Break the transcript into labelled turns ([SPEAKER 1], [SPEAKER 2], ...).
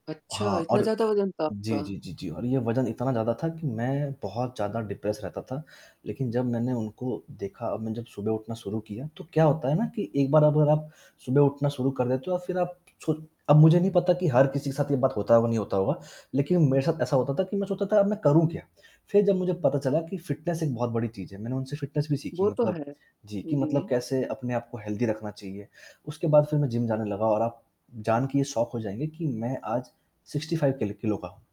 [SPEAKER 1] हाँ,
[SPEAKER 2] अच्छा, इतना
[SPEAKER 1] और
[SPEAKER 2] ज़्यादा वज़न था
[SPEAKER 1] जी,
[SPEAKER 2] आपका?
[SPEAKER 1] जी, जी, जी। और ये वज़न इतना ज़्यादा था कि मैं बहुत ज़्यादा डिप्रेस्ड रहता था, लेकिन जब मैंने उनको देखा अब मैं जब सुबह उठना शुरू किया, तो क्या होता है ना कि एक बार अगर आप सुबह उठना शुरू कर देते हो या फ़िर आप छो अब मुझे नहीं पता कि हर किसी के साथ ये बात होता होगा, नहीं होता होगा, लेकिन मेरे साथ ऐसा होता था कि मैं सोचता था अब मैं करूँ क्या? फ़िर जब मुझे पता चला कि फिटनेस एक बहुत बड़ी चीज़ है, मैंने उनसे फिटनेस भी सीखी
[SPEAKER 2] वो तो
[SPEAKER 1] मतलब
[SPEAKER 2] है।
[SPEAKER 1] जी, कि मतलब
[SPEAKER 2] जी।
[SPEAKER 1] कैसे अपने आप को हेल्दी रखना चाहिए, उसके बाद फ़िर मैं जिम जाने लगा और आप जान के ये शॉक हो जाएँगे कि मैं आज 65 किल किलो का हूँ।